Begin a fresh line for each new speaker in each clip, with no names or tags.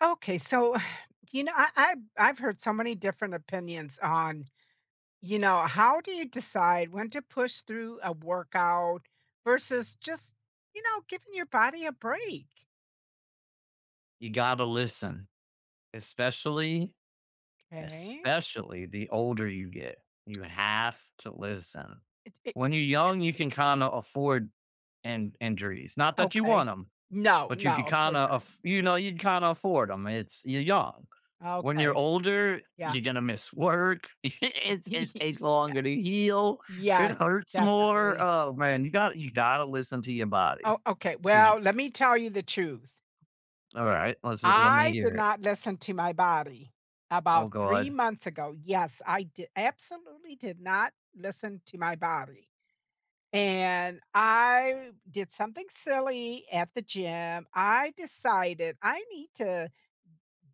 Okay, so, you know, I I've I've heard so many different opinions on, you know, how do you decide when to push through a workout, versus just, you know, giving your body a break?
You gotta listen. Especially
'Kay.
especially the older you get. You have to listen.
It it
When you're young, you can kinda afford an injuries. Not that you
Okay.
want 'em,
No,
but you could
no, of course
kinda
not.
af you know, you could kinda afford 'em. It's you're young. When you're
Okay.
older,
Yeah.
you're gonna miss work. It's it takes
Yeah.
longer to heal. It
Yes.
hurts more.
Definitely.
Oh, man. You gotta you gotta listen to your body.
Oh, okay.
'Cause
Well,
you
let me tell you the truth.
Alright. Let's l let me
I did
hear it.
not listen to my body.
Oh
About 3
god.
months ago Yes, I di absolutely did not listen to my body. And I did something silly at the gym, I decided I need to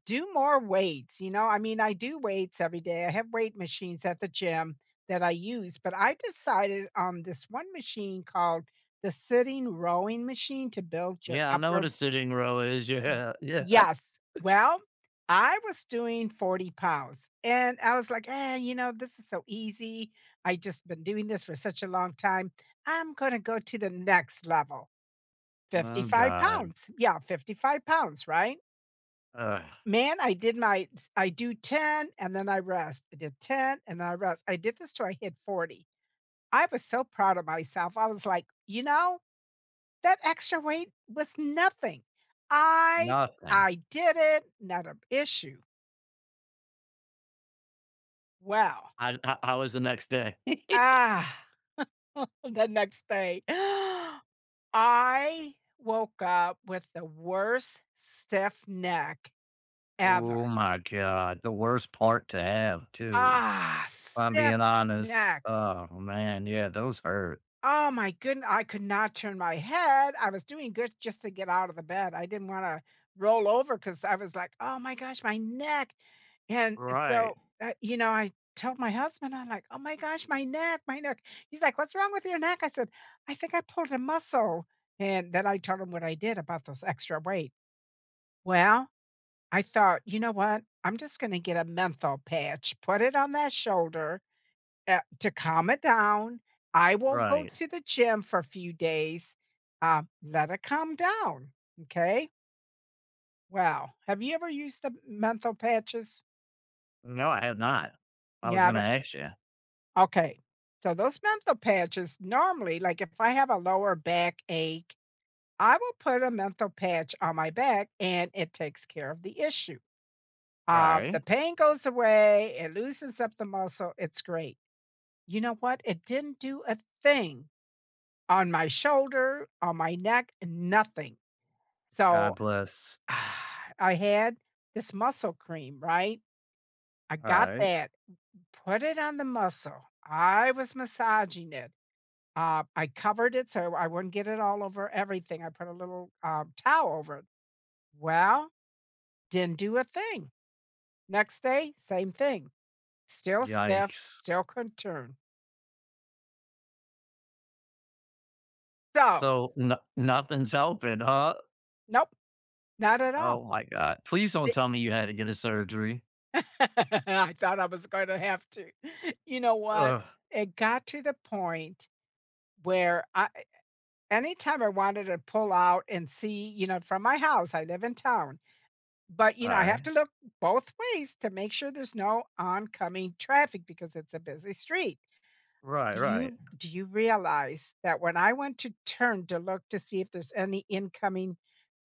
do more weights. You know? I mean, I do weights every day. I have weight machines at the gym that I use, but I decided on this one machine called the sitting rowing machine to build your
Yeah, I know what
upper
a sitting row is. Yeah. Yeah.
Yes. Well, I was doing 40 pounds, and I was like, "Eh, you know, this is so easy. I just been doing this for such a long time. I'm gonna go to the next level.
Oh
55
god.
pounds." Yeah, 55 pounds. Right?
Ugh.
Man, I did my t I do 10, and then I rest, I did 10, and I rest. I did this till I hit 40. I was so proud of myself. I was like, "You know, that extra weight was nothing. I
Nothing.
I did it, not a issue." Well
H how how was the next day?
The next day, I woke up with the worst stiff neck ever.
Oh my god, the worst part to have too. If I'm
Stiff
being honest.
neck.
Oh, man, yeah, those hurt.
Oh my goodn I could not turn my head. I was doing good just to get out of the bed, I didn't wanna roll over 'cause I was like, "Oh my gosh, my neck." And so,
Right.
uh, you know, I told my husband, I'm like, "Oh my gosh, my neck. My neck." He's like, "What's wrong with your neck?" I said, "I think I pulled a muscle." And then I told him what I did about those extra weight. Well, I thought, "You know what? I'm just gonna get a menthol patch, put it on that shoulder, eh to calm it down. I won't go
Right.
to the gym for a few days. Um. Let it calm down. M'kay?" Well, have you ever used the m menthol patches?
No, I have not. I
You
was gonna
haven't?
ask ya.
Okay, so those menthol patches, normally, like, if I have a lower backache, I will put a menthol patch on my back and it takes care of the issue. Uh, the
Right.
pain goes away, it loosens up the muscle, it's great. You know what? It didn't do a thing on my shoulder, on my neck, nothing.
God
So,
bless.
I had this muscle cream, right? I got
Alright.
that, put it on the muscle. I was massaging it. Um, I covered it so I I wouldn't get it all over everything, I put a little, uh, towel over it. Well, didn't do a thing. Next day, same thing. Still stiff,
Yikes.
still couldn't turn. So
So, no nothing's helping, huh?
Nope. Not at all.
Oh my god. Please don't
The
tell me you had to get a surgery.
I thought I was gonna have to. You know what?
Ugh.
It got to the point where I e anytime I wanted to pull out and see, you know, from my house I live in town, but, you know, I have
Alright.
to look both ways to make sure there's no oncoming traffic because it's a busy street.
Right,
Do
right.
you do you realize that when I went to turn to look to see if there's any incoming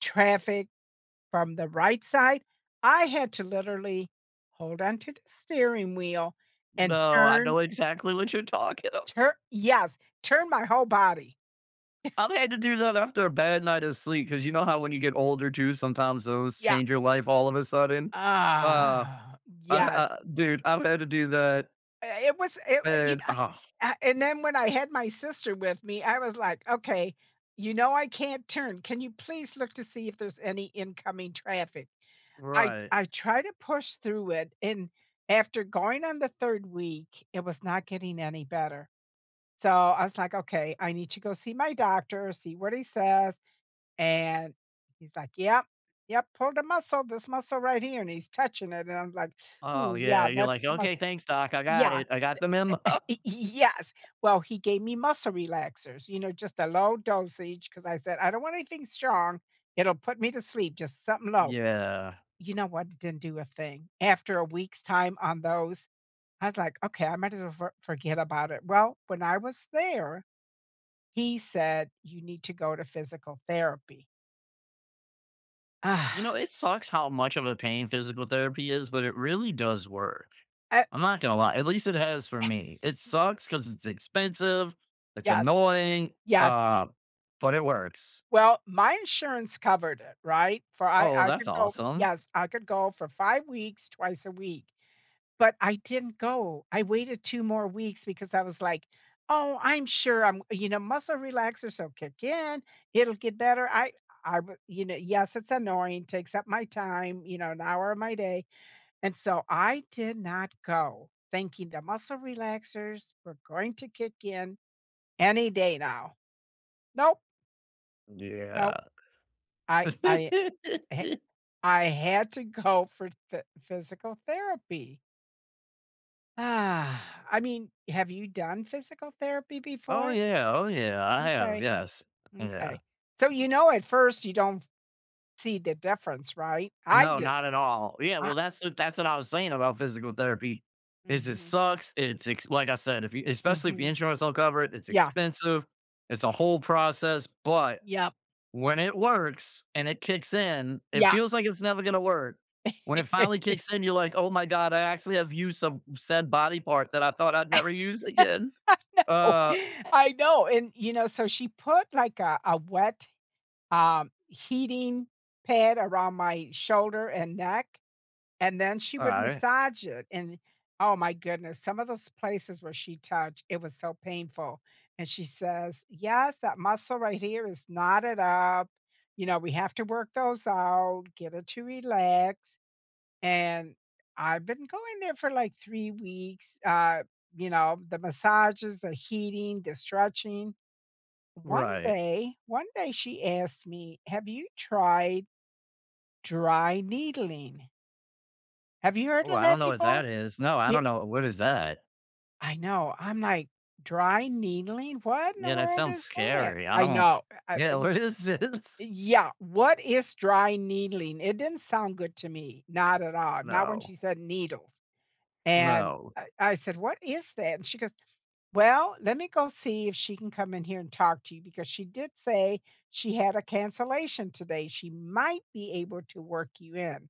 traffic from the right side, I had to literally hold on to the steering wheel and
No, I
turn
know exactly what you're talking of.
tur yes. Turn my whole body.
I've had to do that after a bad night of sleep. 'Cause you know how when you get older, too, sometimes those
Yeah.
change your life all of a sudden? Uh, uh,
Yes.
uh dude, I've had to do that.
Eh it was i you
And
kn Ah and then when I had my sister with me, I was like, "Okay, you know I can't turn, can you please look to see if there's any incoming traffic?" I
Right.
I tried to push through it, and after going on the 3rd week, it was not getting any better. So, I was like, "Okay, I need to go see my doctor, see what he says," and he's like, "Yep. Yep. Pulled a muscle, this muscle right here," and he's touching it, and I was like,
Oh,
"Ooh,
yeah,
yeah,
you're
that's
like,
the
"Okay,
muscle."
thanks, doc. I got
Yeah.
it. I got the mem"
Y y yes. Well, he gave me muscle relaxers, you know, just a low dosage, 'cause I said, "I don't want anything strong. It'll put me to sleep, just somethin' low."
Yeah.
You know what, it didn't do a thing. After a week's time on those, I was like, "Okay, I might as well for forget about it." Well, when I was there, he said, "You need to go to physical therapy."
You know, it sucks how much of a pain physical therapy is, but it really does work.
I
I'm not gonna lie. At least it has for me. It
Y
sucks 'cause it's expensive, it's
Yes.
annoying,
Yes.
uh, but it works.
Well, my insurance covered it, right? For I
Oh, well
I
that's
could go
awesome.
Yes. I could go for 5 weeks, twice a week, but I didn't go. I waited 2 more weeks because I was like, "Oh, I'm sure I'm" you know, "muscle relaxers will kick in. It'll get better." I I b you know, yes, it's annoying, takes up my time, you know, an hour of my day, and so I did not go, thinking the muscle relaxers were going to kick in any day now. Nope.
Yeah.
Nope. I I I h I had to go for phy physical therapy. I mean, have you done physical therapy
Oh,
before?
yeah. Oh, yeah. I have,
M'kay.
yes. Yeah.
M'kay. So, you know, at first, you don't see the difference, right? I
No,
didn't.
not at all. Yeah.
I
Well, that's the that's what I was saying about physical therapy, is it
Mhm.
sucks, it's ex like I said, if you especially if the
Mhm.
insurance don't cover it, it's
Yeah.
expensive. It's a whole process. But,
Yep.
when it works and it kicks in, it
Yeah.
feels like it's never gonna work. When it finally kicks in, you're like, "Oh my god. I actually have used some said body part that I thought I'd
I
never use again."
know.
Uh
I know. And, you know, so she put, like, a a wet, um, heating pad around my shoulder and neck, and then she would
Alright.
massage it, and, oh my goodness, some of those places where she touched, it was so painful, and she says, "Yes. That muscle right here is knotted up," you know, "we have to work those out, get it to relax." And I've been going there for, like, 3 weeks, uh, you know, the massages, the heating, the stretching. One
Right.
day one day, she asked me, "Have you tried dry needling?" Have you heard
Ooh,
of
I don't
that
know what
before?
that is, no, I
Y
don't know what is that?
I know, I'm like, dry needling, what in the
Yeah, that
world
sounds
is that?
scary, I
I
don't
know. I uh
yeah,
e
what is this?
Yeah. What is dry needling, it didn't sound good to me. Not at all, not when
No.
she said needles, and
No.
I I said, "What is that?" and she goes, "Well, let me go see if she can come in here and talk to you because she did say she had a cancellation today, she might be able to work you in."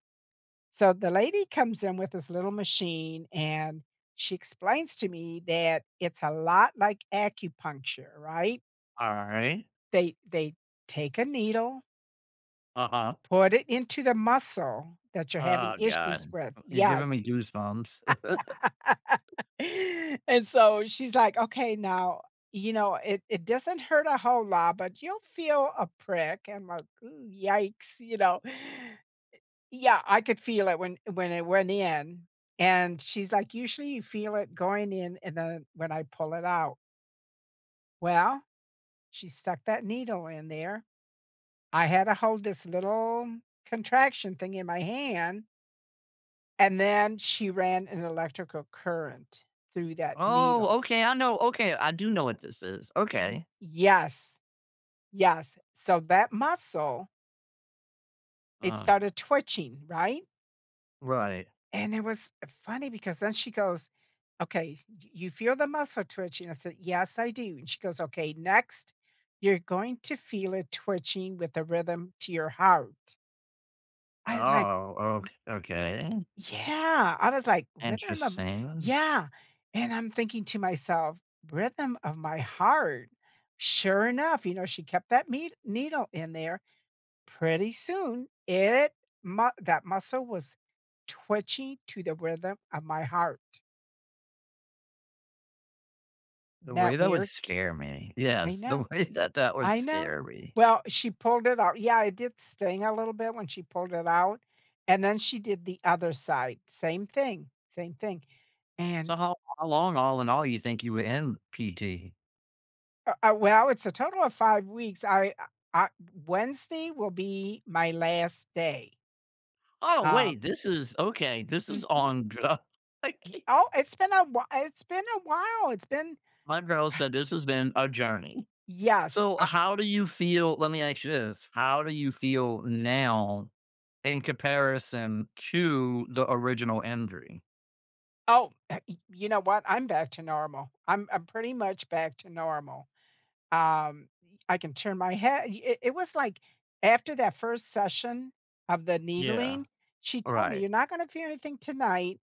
So, the lady comes in with this little machine, and she explains to me that it's a lot like acupuncture, right?
Alright.
They they take a needle
Uh-huh.
put it into the muscle that you're having
Oh
issues
God.
with,
Uh, you're giving
yes.
me goosebumps.
And so she's like, "Okay, now, you know, it it doesn't hurt a whole lot, but you'll feel a prick." I'm like, "Ew, yikes." You know? Eh, yeah. I could feel it when when it went in and she's like, "Usually, you feel it going in and then when I pull it out." Well, she stuck that needle in there. I had to hold this little contraction thing in my hand and then she ran an electrical current through that needle.
Oh, okay, I know, okay, I do know what this is,
Y
okay.
yes, yes. So that muscle it
Uh.
started twitching, right?
Right.
And it was funny because then she goes, "Okay, y you feel the muscle twitching?" I said, "Yes, I do." And she goes, "Okay, next you're going to feel it twitching with the rhythm to your heart." I was like
Oh,
Y
ok okay.
Yeah, I was like, "Rhythm of"
Interesting.
Yeah, and I'm thinking to myself, "Rhythm of my heart?" Sure enough, you know, she kept that ned needle in there. Pretty soon, it mu that muscle was twitching to the rhythm of my heart. Isn't
The way
that
that would
weird?
scare me,
I
yes,
know.
the way that that would
I know.
scare me.
Well, she pulled it out Yeah, it did sting a little bit when she pulled it out, and then she did the other side. Same thing, same thing, and
So how how long all in all you think you were in PT?
U uh, well, it's a total of 5 weeks. I I I Wednesday will be my last day.
Oh,
Um.
wait, this is okay, this is
Mhm.
on gr I
Y
can't.
oh, it's been a whi it's been a while, it's been
My girl said, "This has been a journey."
Yes,
So,
I
how do you feel let me ask you this. How do you feel now in comparison to the original injury?
Oh, uh, e you know what? I'm back to normal, I'm I'm pretty much back to normal. Um, I can turn my hea y i it was like after that 1st session of the
Yeah.
needling, she told me, "You're
Alright.
not gonna feel anything tonight,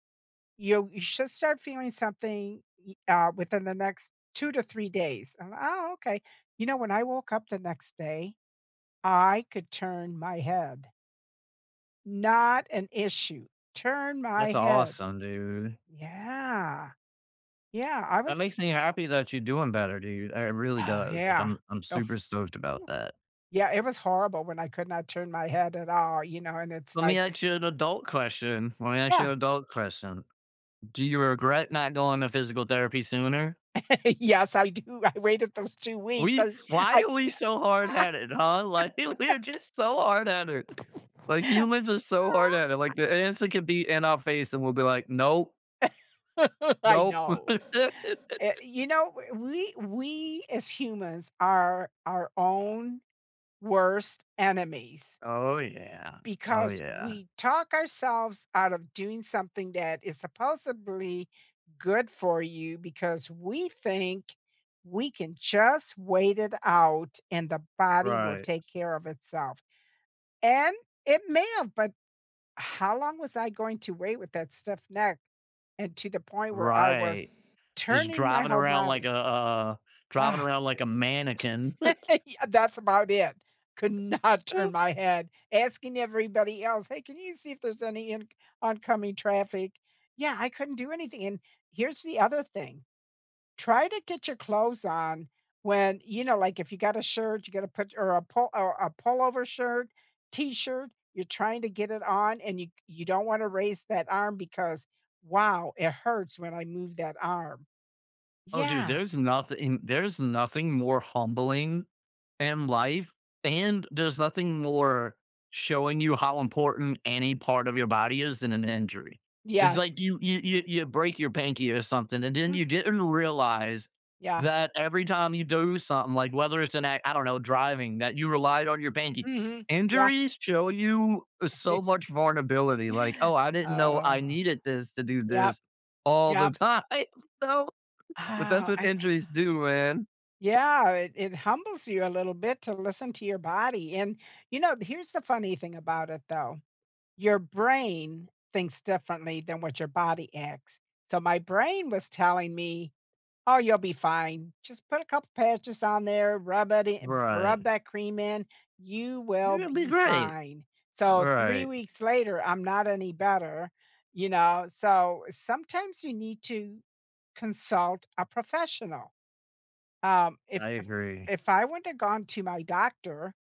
you you should start feeling something y uh, within the next 2 to 3 days." I'm, li "Oh, okay." You know, when I woke up the next day, I could turn my head. Not an issue. Turn
That's
my head.
awesome, dude.
Yeah. Yeah, I
That
was
makes me happy that you're doing better, dude. It really
Oh,
does, like,
yeah.
I'm I'm
Oof.
super stoked about that.
Yeah, it was horrible when I could not turn my head at all, you know, and it's
Let me
like
ask you an adult question, let me ask you
Yeah.
an adult question. Do you regret not going to physical therapy sooner?
Yes, I do, I waited those 2 weeks,
We
I j
why
I can't,
are we so
ah.
hardheaded? Huh? Li we're just so hardheaded. Like, humans are so
Uh I
hardheaded, like, the answer could be in our face, and we'll be like, "Nope."
I
Nope.
know. Eh you know, w we we as humans are our own worst enemies
Oh, yeah. Oh,
because
yeah.
we talk ourselves out of doing something that is supposably good for you because we think we can just wait it out and the body will
Right.
take care of itself. And it may have, but how long was I going to wait with that stiff neck and to the point where I was
Right. Just
turning my
driving
whole
around like
body?
a a driving
Ugh.
around like a mannequin.
T Yeah, that's about it. Could not turn
Oh
my head. Asking everybody else, "Hey, can you see if there's any inc oncoming traffic?" Yeah, I couldn't do anything, and, here's the other thing. Try to get your clothes on when, you know, like, if you got a shirt, you gotta put y or a pull or a pullover shirt, t-shirt, you're trying to get it on, and you c you don't wanna raise that arm because, wow, it hurts when I move that arm.
Oh, dude,
Yeah.
there's nothing there's nothing more humbling in life, and there's nothing more showing you how important any part of your body is than an injury. It's
Yes.
like you you you you break your pinky or something, and then
Mhm.
you didn't realize
Yeah.
that every time you do something, like, whether it's an a I don't know, driving, that you relied on your pinky.
Mhm. Yeah.
Injuries show you so much vulnerability, like, "Oh, I didn't know
Oh.
I needed this to do
Yep.
this all the
Yep.
time. So But that's what
I e
injuries do, man.
Yeah, it it humbles you a little bit to listen to your body, and, you know, d here's the funny thing about it, though. Your brain thinks differently than what your body acts. So, my brain was telling me, "Oh, you'll be fine. Just put a couple patches on there, rub it i rub
Right.
that cream in. You
You're
will
gonna be
be
great.
fine." So, 3
Right.
weeks later, I'm not any better, you know? So, sometimes you need to consult a professional. Um, if
I
if
agree.
if I wouldn't have gone to my doctor,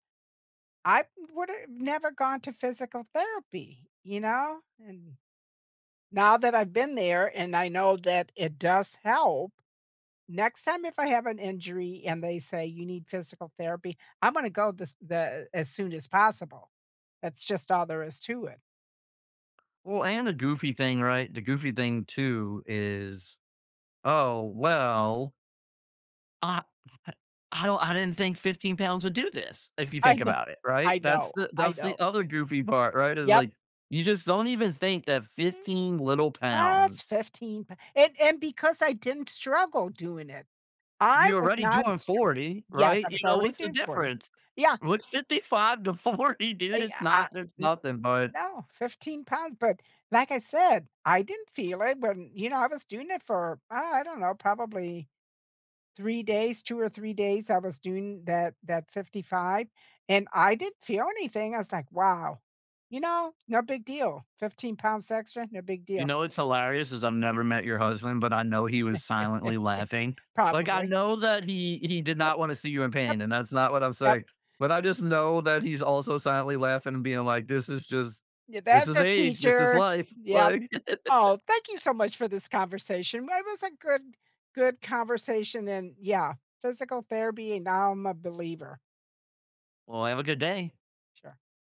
I would have never gone to physical therapy, you know? And, now that I've been there and I know that it does help, next time if I have an injury and they say you need physical therapy, I'm gonna go this the as soon as possible. That's just all there is to it.
Well, and the goofy thing, right? The goofy thing too is, "Oh, well" "I I'll I didn't think 15 pounds would do this," if you
I
think
know.
about it, right?
I
That's
know,
the
I
that's the
know.
other goofy part, right, is
Yep.
like, you just don't even think that 15 little pounds
What's 15 pou And and because I didn't struggle doing it, I
You're
was
already
not
doing
stru
40,
Yes. I
right? You
was
know,
already
what's the
doing 40.
difference?
Yeah.
What's 55 to 40,
I
dude? It's
eh uh
not It's
N
nothing, bud.
No, 15 pounds. But, like I said, I didn't feel it when, you know, I was doing it for, uh, I don't know, probably 3 days, 2 or 3 days. I was doing that that 55, and I didn't feel anything. I was like, "Wow. You know, no big deal. 15 pounds extra, no big
You
deal."
know what's hilarious is I've never met your husband, but I know he was silently laughing. Like, I
Probably.
know that he he did
Yep.
not wanna see you in
Yep.
pain, and that's not what I'm
Yep.
saying. But I just know that he's also silently laughing and being like, "This is just
Yeah,
This
that's
is
a
age. This is
teacher.
life."
Yep.
Like
Oh, thank you so much for this conversation. It was a good good conversation and yeah, physical therapy, and now I'm a believer.
Well, have a good day.
Sure.